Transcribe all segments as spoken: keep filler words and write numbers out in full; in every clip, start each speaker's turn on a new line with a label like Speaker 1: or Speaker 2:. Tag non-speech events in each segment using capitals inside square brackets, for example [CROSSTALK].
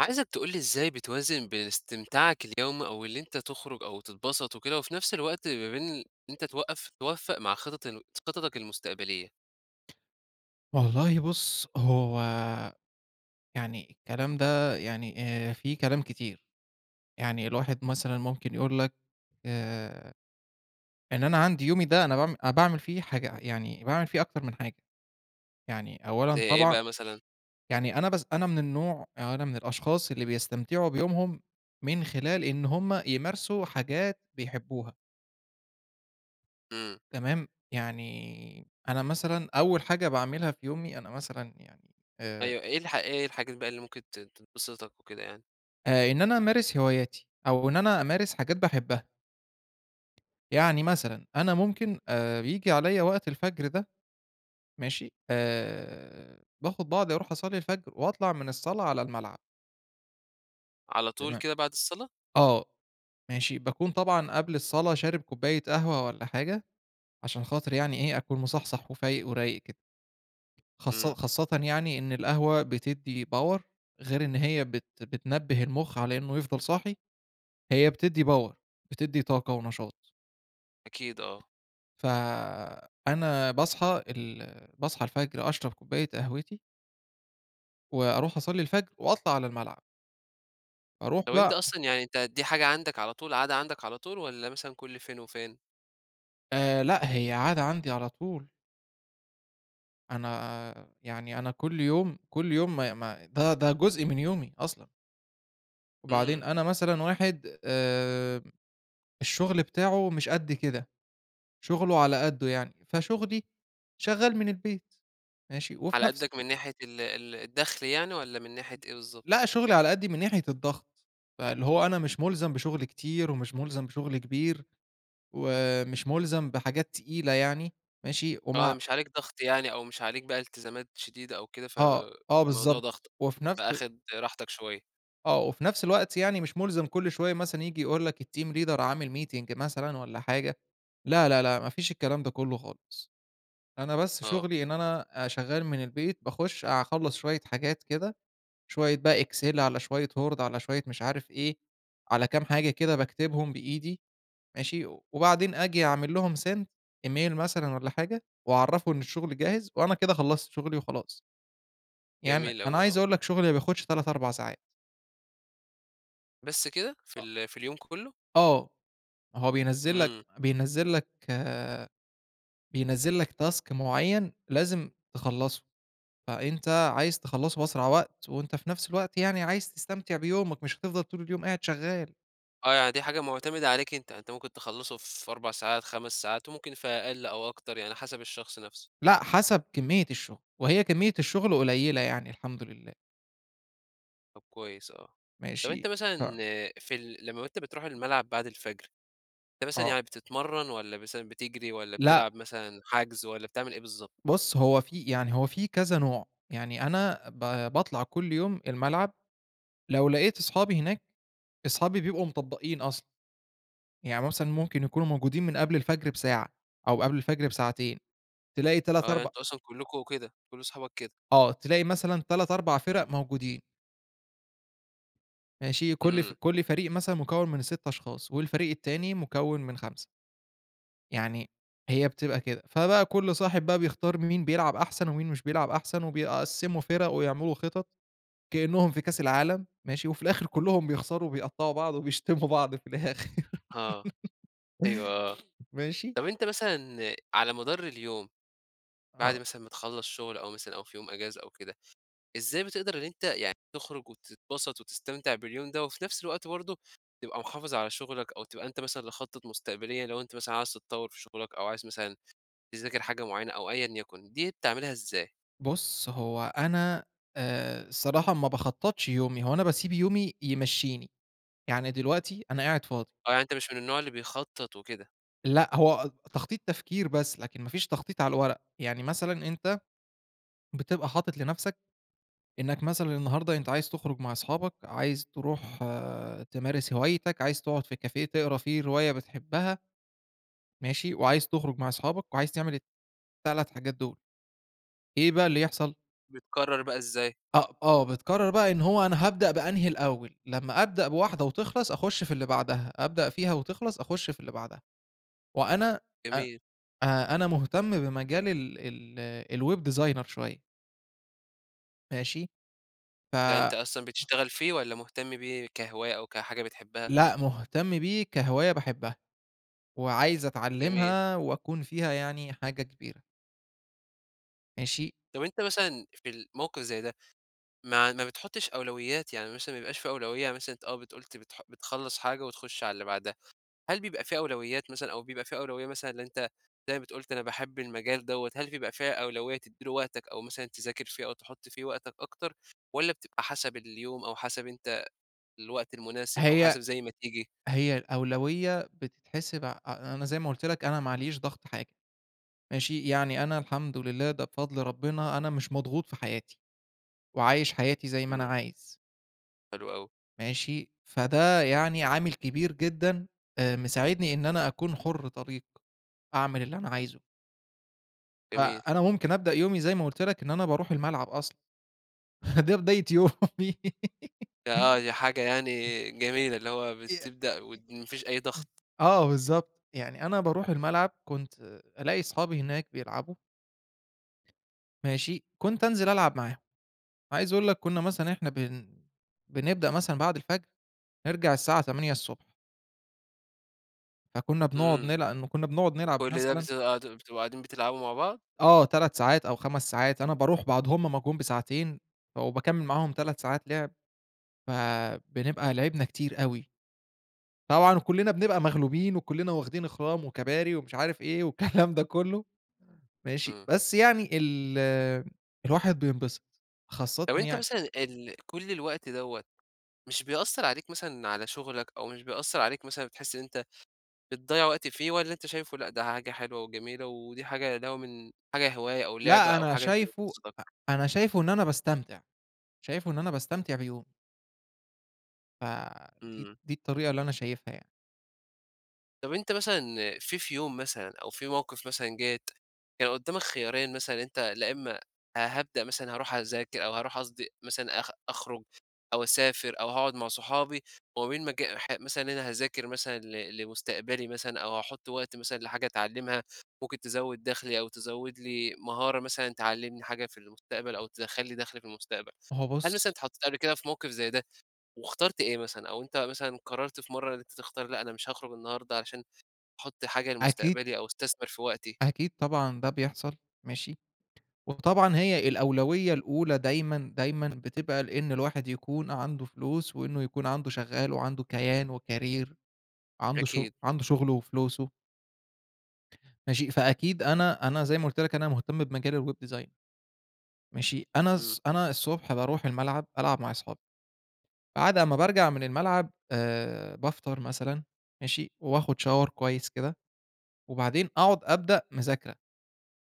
Speaker 1: عايزك تقول لي إزاي بتوازن بين استمتاعك اليومي أو اللي أنت تخرج أو تتبسط وكده، وفي نفس الوقت ما بين ال إن أنت توقّف توفّق مع خطط الن س خططك المستقبلية؟
Speaker 2: والله بُص، هو يعني الكلام ده يعني آآ في كلام كتير. يعني الواحد مثلًا ممكن يقول لك آآ إن أنا عندي يومي ده أنا باعم أنا باعمل فيه حاجة يعني باعمل فيه أكتر من حاجة. يعني
Speaker 1: زي
Speaker 2: أولًا
Speaker 1: إيه
Speaker 2: طبعًا
Speaker 1: بقى مثلًا؟
Speaker 2: يعني أنا بس أنا من النوع أو أنا من الأشخاص اللي بيستمتعوا بيومهم من خلال إن هم يمارسوا حاجات بيحبوها.
Speaker 1: إمم.
Speaker 2: تمام؟ يعني أنا مثلًا أول حاجة باعملها في يومي، أنا مثلًا يعني آآ
Speaker 1: أيوه، إيه الح إيه الحاجات بقى اللي ممكن تت تبسطك وكده يعني؟
Speaker 2: آآ، إن أنا أمارس هواياتي أو إن أنا أمارس حاجات باحبها. يعني مثلًا أنا ممكن آآ، بييجي عليّا وقت الفجر ده، ماشي؟ آآ، باخد بعضي أروح أصلي الفجر وأطلع من الصلاة على الملعب.
Speaker 1: على طول
Speaker 2: تما
Speaker 1: كده بعد الصلاة؟
Speaker 2: آه، ماشي، باكون طبعًا قبل الصلاة شارب كوباية قهوة والّا حاجة، عشان خاطر يعني إيه أكون مصحصح وفايق ورايق كده. خاص
Speaker 1: إمم.
Speaker 2: خاصةً يعني إن القهوة بتدّي Power غير إن هي بت بتنبه المُخ على إنه يفضل صاحي، هي بتدّي Power، بتدّي طاقة ونشاط.
Speaker 1: أكيد آه.
Speaker 2: فأنا باصحى ال باصحى الفجر أشرب كوباية قهوتي وأروح أصلّي الفجر، وأطلع على الملعب. أروح
Speaker 1: هو أنت
Speaker 2: بقى
Speaker 1: أصلًا يعني أنت دي حاجة عندك على طول، عادة عندَك على طول والّا مثلًا كل فين وفين؟
Speaker 2: آآ لأ، هي عادة عندي على طول. أنا يعني أنا كل يوم، كل يوم ما ما ده ده جزء من يومي، أصلًا. وبعدين
Speaker 1: إمم.
Speaker 2: أنا مثلًا واحد آمم، الشغل بتاعه مش قد كده. شغله على قده يعني. فشُغلي شغال من البيت ماشي؟ وفي
Speaker 1: على
Speaker 2: نفس
Speaker 1: قدك من ناحية ال ال الدخل يعني، والّا من ناحية إيه بالضبط؟
Speaker 2: لأ، شُغلي على قدي من ناحية الضغط. فاللي هوَ أنا مش ملزم بشُغل كتير، ومش مُلزم بشُغل كبير، ومش ملزم بحاجات تقيلة يعني. ماشي؟
Speaker 1: آه،
Speaker 2: وما
Speaker 1: مش عليك ضغط يعني، أو مش عليك بقى التزامات شديدة أو كده
Speaker 2: آه، آه
Speaker 1: فالموضوع
Speaker 2: بالضبط.
Speaker 1: ضاغطَك،
Speaker 2: وفي نفس أ
Speaker 1: فآخد راحتَك شوية.
Speaker 2: آه، وفي نفس الوقت يعني مش مُلزَم كل شوية مثلًا ييجي يقول لك الteam leader عامل meeting مثلًا والّا حاجة. لا، لا، لأ، ما فيش الكلام ده كُلّه خالص. أنا بس
Speaker 1: آه.
Speaker 2: شغلي إن أنا أ شغّال من البيت، باخُش أخلّص شوية حاجات كده، شوية بقى excel على شوية word على شوية مش عارف إيه، على كام حاجة كده باكتبهم بإيدي ماشي؟ وبعدين آجي أعمل لهم send email مثلًا والّا حاجة وأعرّفه إن الشغل جاهز، وأنا كده خلّصت شغلي وخلاص. يعني
Speaker 1: جميل
Speaker 2: أنا
Speaker 1: أوي، آه.
Speaker 2: عايز أقول لك شغلي ما بياخدش تلات، أربع ساعات.
Speaker 1: بس كده؟ في
Speaker 2: أ
Speaker 1: ال في اليوم كُلّه؟
Speaker 2: آه، هو بينزِّل لك
Speaker 1: إمم.
Speaker 2: بينزِّل لك آآ بينزِّل لك task معيّن لازم تخلّصه. فأنت عايز تخلّصه بأسرع وقت وأنت في نفس الوقت يعني عايز تستمتع بيومك، مش هتفضل طول اليوم قاعد شغّال.
Speaker 1: آه، يعني دي حاجة معتمدة عليك أنت. أنت ممكن تخلّصه في أربع ساعات خَمَس ساعات وممكن في أقل أو أكتر، يعني حسب الشخص نفسه.
Speaker 2: لأ، حسب كمّية الشغل. وهي كمّية الشغل قليلة يعني الحمد لله.
Speaker 1: طب كويس آه. طب أنت
Speaker 2: ماشي؟
Speaker 1: مثلًا
Speaker 2: ف
Speaker 1: في ال لمّا أنت بتروح الملعب بعد الفجر، أنت مثلًا
Speaker 2: آه.
Speaker 1: يعني بتتمرّن والّا مثلًا بتجري والّا
Speaker 2: لأ.
Speaker 1: بتلعب مثلًا حَجْز، والّا بتعمل إيه بالضبط؟
Speaker 2: بُص، هو في يعني هو في كذا نوع، يعني أنا ب باطلع كل يوم الملعب لو لقيت أصحابي هناك، أصحابي بيبقوا مطبّقين أصلًا. يعني مثلًا ممكن يكونوا موجودين من قبل الفجر بساعة أو قبل الفجر بساعتين تلاقي تلات
Speaker 1: آه، يعني
Speaker 2: أرب
Speaker 1: أنتم أصلًا كُلّكم كده، كل أصحابك كده؟
Speaker 2: آه. تلاقي مثلًا تلات، أربع فِرَق موجودين. ماشي، كلّ ف
Speaker 1: امم.
Speaker 2: كلّ فريق مثلًا مكوّن من سِت أشخاص، والفريق التاني مكوّن من خمسة. يعني هي بتبقى كده، فبقى كلّ صاحب بقى بيختار مين بيلعب أحسن، ومين مش بيلعب أحسن وبيقسّموا فِرَق ويعملوا خطط، كإنهم في كاس العالم، ماشي، وفي الآخر كلّهم بيخسروا وبيقطّعوا بعض وبيشتموا بعض في الآخر.
Speaker 1: آه.
Speaker 2: [LAUGHS]
Speaker 1: أيوه آه،
Speaker 2: ماشي؟
Speaker 1: طب أنت مثلًا على مدار اليوم، بعد
Speaker 2: آه.
Speaker 1: مثلًا ما تخلّص شغل أو مثلًا أو في يوم أجازة أو كده، إزاي بتقدر إن أنت يعني تخرج وتتبسط وتستمتع باليوم ده، وفي نفْس الوقت برضه، تبقى محافظ على شغلك أو تبقى أنت مثلًا لخطط مستقبلية لو أنت مثلًا عايز تتطوّر في شغلك، أو عايز مثلًا تذاكر حاجة معينة أو أيًا يكن، دي بتعملها إزاي؟
Speaker 2: بُص هو أنا آآ الصراحة ما باخطّطش يومي، هو أنا باسيب يومي يمشّيني، يعني دلوقتي أنا قاعد فاضي.
Speaker 1: آه، يعني أنت مش من النوع اللي بيخطّط وكده.
Speaker 2: لأ، هو تخطيط تفكير بس لكن ما فيش تخطيط على الورق، يعني مثلًا أنت بتبقى حاطط لنفْسك، إنك مثلًا النهارده أنت عايز تخرج مع أصحابك، عايز تروح تمارس هوايتك، عايز تقعد في كافيه تقرا فيه رواية بتحبّها ماشي؟ وعايز تخرج مع أصحابك، وعايز تعمل التلات حاجات دول. إيه بقى اللي يحصل؟
Speaker 1: بتقرّر بقى إزاي؟
Speaker 2: أ آه. بتقرّر بقى إن هو أنا هابدأ بأنهي الأول؟ لمّا أبدأ بواحدة وتخلص أخُش في اللي بعدها، أبدأ فيها وتخلص أخُش في اللي بعدها. وأنا أ
Speaker 1: جميل.
Speaker 2: أ أنا مهتم بمجال ال ال الweb designer شوية. ماشي؟ ف
Speaker 1: ده أنت أصلًا بتشتغل فيه، والّا مهتم بيه كهواية أو كحاجة بتحبها؟
Speaker 2: لأ، مهتم بيه كهواية باحبها، وعايز
Speaker 1: جميل.
Speaker 2: أتعلّمها وأكون فيها يعني حاجة كبيرة. ماشي؟
Speaker 1: طب أنت مثلًا في الموقف زي ده، ما ما بتحُطّش أولويات؟ يعني مثلًا ما يبقاش في أولوية يعني مثلًا آه، بت قُلت بتح بتخلّص حاجة وتخُش على اللي بعدها. هل بيبقى في أولويات مثلًا، أو بيبقى في أولوية مثلًا إن أنت زي ما بت قُلت أنا باحب المجال دوّة، هل بيبقى فيها أولوية تدّي له وقتك أو مثلًا تذاكر فيه أو تحُط فيه وقتك أكتر، والّا بتبقى حسب اليوم أو حسب أنت الوقت المناسب أو
Speaker 2: هي
Speaker 1: حسب زي ما تيجي؟
Speaker 2: هي الأولوية بتتحسب ع أ أنا زي ما قُلت لك أنا ما علييش ضغط حاجة. ماشي، يعني أنا الحمد لله ده بفضل ربنا، أنا مش مضغوط في حياتي، وعايش حياتي زي ما أنا
Speaker 1: إمم.
Speaker 2: عايز.
Speaker 1: حلو أوي.
Speaker 2: ماشي، فده يعني عامل كبير جدًا آآ مساعدني إن أنا أكون حُر طليق، أعمل اللي أنا عايزه.
Speaker 1: جميل.
Speaker 2: فأنا ممكن أبدأ يومي زي ما قُلت لَك إن أنا باروح الملعب أصلًا، [CHUCKLES] ده بداية يومي. [LAUGHS]
Speaker 1: آه دي حاجة يعني جميلة، اللي هوَ
Speaker 2: يع
Speaker 1: بتبدأ
Speaker 2: إ
Speaker 1: وما فيش أي
Speaker 2: إم
Speaker 1: ضغط.
Speaker 2: آه بالضبط، يعني أنا باروح الملعب، كنت ألاقي أصحابي هناك بيلعبوا ماشي؟ كنت أنزل ألعب معاهم، عايز أقول لَك كنا مثلًا إحنا بن بنبدأ مثلًا بعد الفجر، نرجع الساعة تمانية الصبح. فكنا بنقعد
Speaker 1: امم.
Speaker 2: نلع كنا بنقعد نلعب
Speaker 1: كل ده
Speaker 2: مثلًا
Speaker 1: بتبقوا قاعد بتبقوا قاعدين بتلعبوا مع بعض؟
Speaker 2: آه تلات ساعات أو خمس ساعات، أنا باروح بعد هُم ما جُم بساعتين، وباكمّل معاهم تلات ساعات لعب، فبنبقى لعبنا كتير أوي. طبعًا كلِّنا بنبقى مغلوبين، وكلِّنا واخدين اخرام وكباري ومش عارف إيه، والكلام ده كلُّه، ماشي،
Speaker 1: امم.
Speaker 2: بس يعني ال الواحد بينبسط، خاصةً
Speaker 1: طب أنتَ
Speaker 2: يعني
Speaker 1: مثلًا ال كلّ الوقت دوّة، مش بيأثّر عليك مثلًا على شغلك، أو مش بيأثّر عليك مثلًا بتحس إن أنتَ بتضيّع وقت فيه، والّا أنتَ شايفه لأ ده حاجة حلوة وجميلة ودي حاجة اللي هو من حاجة هواية أو لعبة
Speaker 2: لأ
Speaker 1: أو
Speaker 2: أنا
Speaker 1: حاجة أنتَ
Speaker 2: شايفه
Speaker 1: بتبسطك؟
Speaker 2: أ أنا شايفه إن أنا باستمتع، شايفه إن أنا باستمتع بيومي. فدي
Speaker 1: إمم.
Speaker 2: دي الطريقة اللي أنا شايفها يعني.
Speaker 1: طب أنت مثلًا في في يوم مثلًا أو في موقف مثلًا جات، كان قدّامك خيارين مثلًا إن أنت لا امّا هابدأ مثلًا هاروح أذاك أو هاروح قصدي مثلًا أخ أخرج أو أسافر أو هاقعد مع صحابي، وما بين مج ح مثلًا أنا هاذاكر مثلًا ل لمستقبلي مثلًا أو هاحط وقت مثلًا لحاجة أتعلّمها، ممكن تزوّد دخلي أو تزوّد لي مهارة مثلًا تعلّمني حاجة في المستقبل أو تدخَّل لى دَخل في المستقبل،
Speaker 2: هو
Speaker 1: هل
Speaker 2: بُص
Speaker 1: مثلًا اتحطيت قبل كده في موقف زي ده؟ واخترت إيه مثلًا؟ أو أنت مثلًا قرّرت في مَرّة إن أنت تختار لأ أنا مش هاخرج النهارده عشان أحط حاجة
Speaker 2: أكيد
Speaker 1: لمستقبلي أو استثمر في وقتي.
Speaker 2: أكيد طبعًا ده بيحصل ماشي؟ وطبعًا هي الأولوية الأولى دايمًا، دايمًا بتبقى لإن الواحد يكون عنده فلوس، وإنّه يكون عنده شغّال وعنده كيان وكارير، عنده شُغ
Speaker 1: أكيد.
Speaker 2: عنده شغله وفلوسه. ماشي، فأكيد أنا أنا زي ما قُلت لك أنا مهتم بمجال الweb design. ماشي، أنا
Speaker 1: امم.
Speaker 2: الص أنا الصبح باروح الملعب ألعب مع اصحابى، بعد امّا بارجع من الملعب آآ بافطر مثلًا، ماشي، وآخد Shower كويّس كده، وبعدين أقعد أبدأ مذاكرة.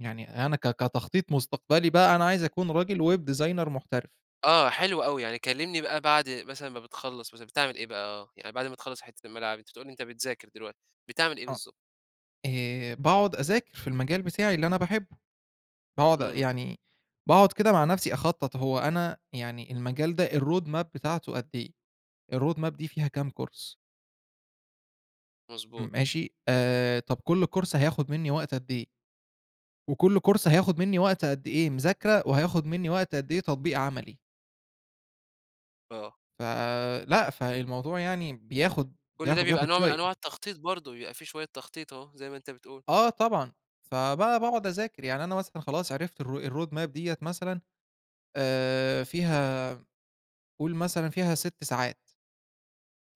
Speaker 2: يعني أنا ك كتخطيط مستقبلي بقى أنا عايز أكون راجل web designer محترف.
Speaker 1: آه حلو أوي. يعني كلّمني بقى بعد مثلًا ما بتخلّص مثلًا بتعمل إيه بقى، آه، يعني بعد ما تخلّص حتّة الملعب أنت بتقول لي أنت بتذاكر دلوقتي، بتعمل إيه
Speaker 2: آه.
Speaker 1: بالضبط؟
Speaker 2: آآ باقعد أذاكر في المجال بتاعي اللي أنا باحبه. باقعد
Speaker 1: إمم.
Speaker 2: يعني باقعد كده مع نفسي أخطط. هو أنا يعني المجال ده الroad map بتاعته قد إيه؟ الroad map دي فيها كام كورس؟ م
Speaker 1: مضبوط.
Speaker 2: ماشي؟ آآ طب كل كورس هياخد منّي وقت قد إيه؟ وكل كورس هياخد منّي وقت قد إيه مذاكرة؟ وهياخد منّي وقت قد إيه تطبيق عملي؟
Speaker 1: آه.
Speaker 2: فلأ، فالموضوع يعني بياخد
Speaker 1: كل ده
Speaker 2: بياخد
Speaker 1: بيبقى
Speaker 2: بياخد
Speaker 1: نوع من
Speaker 2: شوية.
Speaker 1: أنواع التخطيط برضه، بيبقى في شوية تخطيط أهو زي ما أنت بتقول.
Speaker 2: آه طبعًا. فبقى باقعد أذاكر. يعني أنا مثلًا خلاص عرفت الroad map ال-ro ديًة مثلًا، آآ فيها قُل مثلًا فيها سِت ساعات.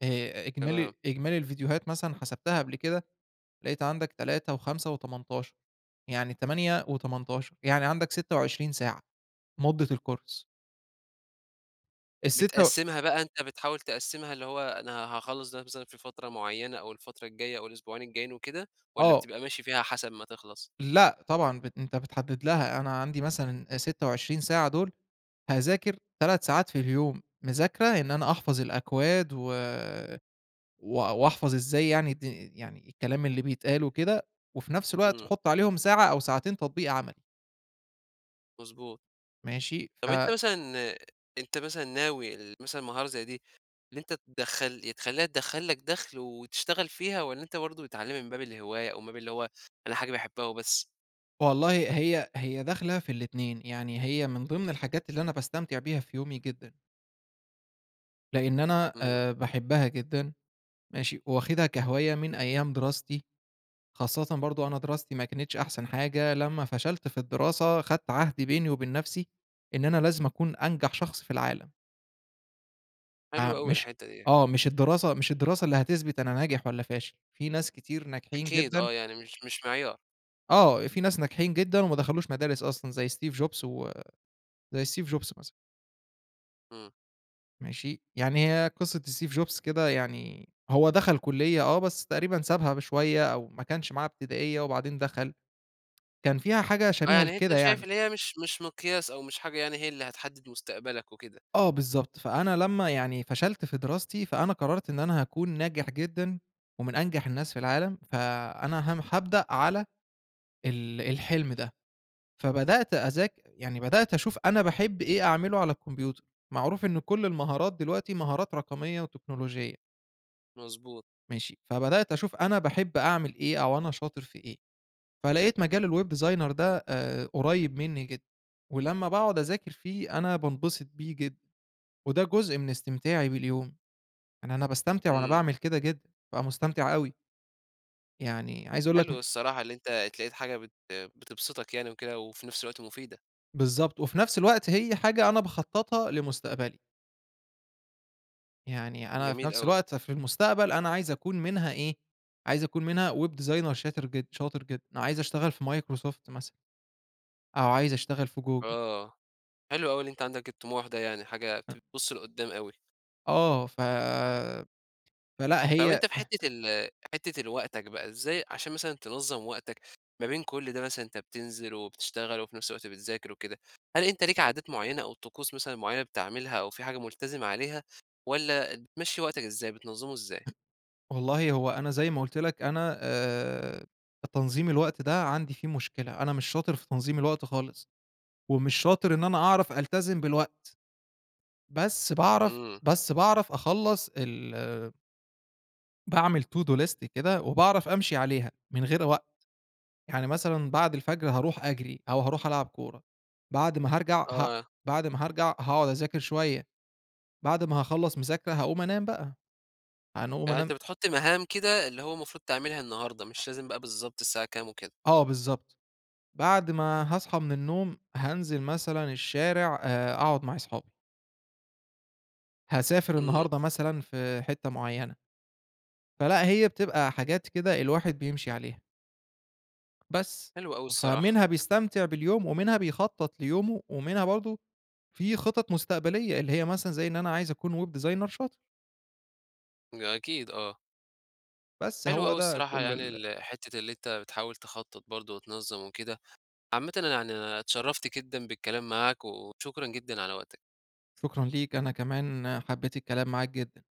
Speaker 2: آآ إجمالي
Speaker 1: تمام.
Speaker 2: إجمالي الفيديوهات مثلًا حسبتها قبل كده، لقيت عندك تلاتة وخمسة وتمنتاشر، يعني تمانية وتمنتاشر. يعني عندك ستة وعشرين ساعة مدة الكورس. السِتة و
Speaker 1: بتقسّمها بقى، أنت بتحاول تقسّمها اللي هو أنا هاخلّص ده مثلًا في فترة معيّنة أو الفترة الجاية أو الأسبوعين الجايين وكده، والّا
Speaker 2: آه.
Speaker 1: بتبقى ماشي فيها حسب ما تخلص؟
Speaker 2: لأ طبعًا بن أنت بتحدّد لها. أنا عندي مثلًا أ ستة وعشرين ساعة دول هاذاكر تلات ساعات في اليوم مذاكرة إن أنا أحفظ الأكواد و و وأحفظ إزاي يعني دي يعني الكلام اللي بيتقال وكده، وفي نفس الوقت
Speaker 1: إمم.
Speaker 2: حُط عليهم ساعة أو ساعتين تطبيق عملي.
Speaker 1: مضبوط.
Speaker 2: ماشي؟
Speaker 1: طب
Speaker 2: ف
Speaker 1: أنت مثلًا أنت مثلًا ناوي ل مثلًا مهارة زي دي، إن أنت تدخّل يا تخلّيها تدخّل لك دخْل وتشتغل فيها، والّا أنت برضه بتتعلّمها من باب الهواية أو من باب اللي هو أنا حاجة باحبها وبس؟
Speaker 2: والله هي هي داخلة في الاتنين، يعني هي من ضمن الحاجات اللي أنا باستمتع بيها في يومي جدًا. لإن أنا
Speaker 1: إمم.
Speaker 2: آآ باحبها جدًا ماشي؟ وواخدها كهواية من أيام دراستي. خاصةً برضه أنا دراستي ما كانتش أحسن حاجة لمّا فشلت في الدراسة، خدت عهد بيني وبين نفسي، إن أنا لازم أكون أنجح شخص في العالم. آآ
Speaker 1: حلو أوي
Speaker 2: مش
Speaker 1: الحتّة دي.
Speaker 2: آه مش الدراسة مش الدراسة اللي هتثبت أنا ناجح والّا فاشل، في ناس كتير ناجحين
Speaker 1: أكيد
Speaker 2: جدًا
Speaker 1: آه، يعني مش مش معيار.
Speaker 2: آه في ناس ناجحين جدًا وما دخلوش مدارس أصلًا زي Steve Jobs و زي Steve Jobs مثلًا.
Speaker 1: امم.
Speaker 2: ماشي؟ يعني هي قصة Steve Jobs كده يعني، هو دخل كلية آه بس تقريبًا سابها بشوية أو ما كانش معاه ابتدائية وبعدين دخل، كان فيها حاجة
Speaker 1: آه،
Speaker 2: شبيهة
Speaker 1: يعني أنتَ
Speaker 2: لكده
Speaker 1: شايف
Speaker 2: يعني.
Speaker 1: اللي هي مش مش مقياس أو مش حاجة يعني هي اللي هتحدّد مستقبلك وكده.
Speaker 2: آه بالضبط، فأنا لمّا يعني فشلت في دراستي، فأنا قرّرت إن أنا هاكون ناجح جدًا ومن أنجح الناس في العالم، فأنا هم هابدأ على ال الحلم ده، فبدأت أذاك يعني بدأت أشوف أنا باحب إيه أعمله على الكمبيوتر، معروف إن كلّ المهارات دلوقتي مهارات رقمية وتكنولوجية.
Speaker 1: مضبوط.
Speaker 2: ماشي، فبدأت أشوف أنا باحب أعمل إيه، أو أنا شاطر في إيه، فلقيت مجال الweb designer ده آآ قريب منّي جدًا، ولمّا باقعد أذاكر فيه أنا بانبسط بيه جدًا، وده جزء من استمتاعي باليوم، يعني أنا باستمتع وأنا
Speaker 1: امم.
Speaker 2: باعمل كده جدًا، بابقى مُستمتع أوي. يعني عايز أقول لك م
Speaker 1: حلو الصراحة، اللي أنت اتلاقيت حاجة بت بتبسطك يعني وكده، وفي نفس الوقت مفيدة.
Speaker 2: بالضبط، وفي نفس الوقت هي حاجة أنا باخططها لمستقبلي. يعني أنا في
Speaker 1: جميل
Speaker 2: نفس
Speaker 1: أوي.
Speaker 2: الوقت في المستقبل، أنا عايز أكون منها إيه، عايز أكون منها web designer شاتر جد شاطر جدًا عايز أشتغل في Microsoft مثلًا أو عايز أشتغل في Google.
Speaker 1: آه، حلو أوي اللي أنت عندك الطموح ده، يعني حاجة ت
Speaker 2: أ
Speaker 1: بتبص لقُدام أوي.
Speaker 2: آه ف فلأ
Speaker 1: طَب
Speaker 2: هي
Speaker 1: أنت في
Speaker 2: [CHUCKLES]
Speaker 1: حتة ال حتة ال وقتك بقى إزاي عشان مثلًا، تنظم وقتك ما بين كل ده مثلًا، أنت بتنزل وبتشتغل، وفي نفس الوقت بتذاكر وكده. هل أنت ليك عادات مُعينة أو طقوس مثلًا مُعينة بتعملها أو في حاجة مُلتزم عليها؟ والّا بتمشي وقتك إزاي بتنظمه إزاي؟
Speaker 2: [UNINTELLIGIBLE] والله هو أنا زي ما قُلت لك أنا آآ تنظيم الوقت ده عندي فيه مشكلة، أنا مش شاطر في تنظيم الوقت خالص، ومش شاطر إن أنا أعرف ألتزم بالوقت. بس باعرف
Speaker 1: إمم.
Speaker 2: بس باعرف أخلص ال باعمل to do list كده وباعرف أمشي عليها من غير وقت. يعني مثلًا بعد الفجر هاروح أجري، أو هاروح ألعب كورة بعد ما هرجع ه
Speaker 1: آه.
Speaker 2: بعد ما هارجع، هاقعد أذاكر شوية، بعد ما هاخلّص مذاكرة هاقوم أنام بقى. يعنى أقوم
Speaker 1: يعني أنت
Speaker 2: أنام
Speaker 1: بتحُط مهام كده، اللي هو مفروض تعملها النهارده،
Speaker 2: [UNINTELLIGIBLE]
Speaker 1: مش لازم بقى بالضبط الساعة كام وكده.
Speaker 2: آه بالضبط، بعد ما هاصحى من النوم هانزل مثلًا الشارع، آآ أقعد مع أصحابي. هاسافر
Speaker 1: إمم.
Speaker 2: النهارده مثلًا، في حتة معينة. فلأ، هي بتبقى حاجات كده، الواحد بيمشي عليها. بس.
Speaker 1: حلو أوي الصراحة.
Speaker 2: فمنها بيستمتع باليوم، ومنها بيخطط ليومه، ومنها برضه في خطط مستقبلية اللي هي مثلًا، زي إن أنا عايز أكون web designer شاطر.
Speaker 1: ن أكيد آه.
Speaker 2: بس.
Speaker 1: حلو
Speaker 2: هو
Speaker 1: أوي
Speaker 2: ده
Speaker 1: الصراحة
Speaker 2: كل
Speaker 1: يعني
Speaker 2: ال
Speaker 1: ال حتة اللي أنت بتحاول تخطط برضه وتنظم وكده. عامةً أنا يعني اتشرفت جدًا بالكلام معاك وشكرًا جدًا على وقتك.
Speaker 2: شكرًا ليك، أنا كمان حبيت الكلام معاك جدًا.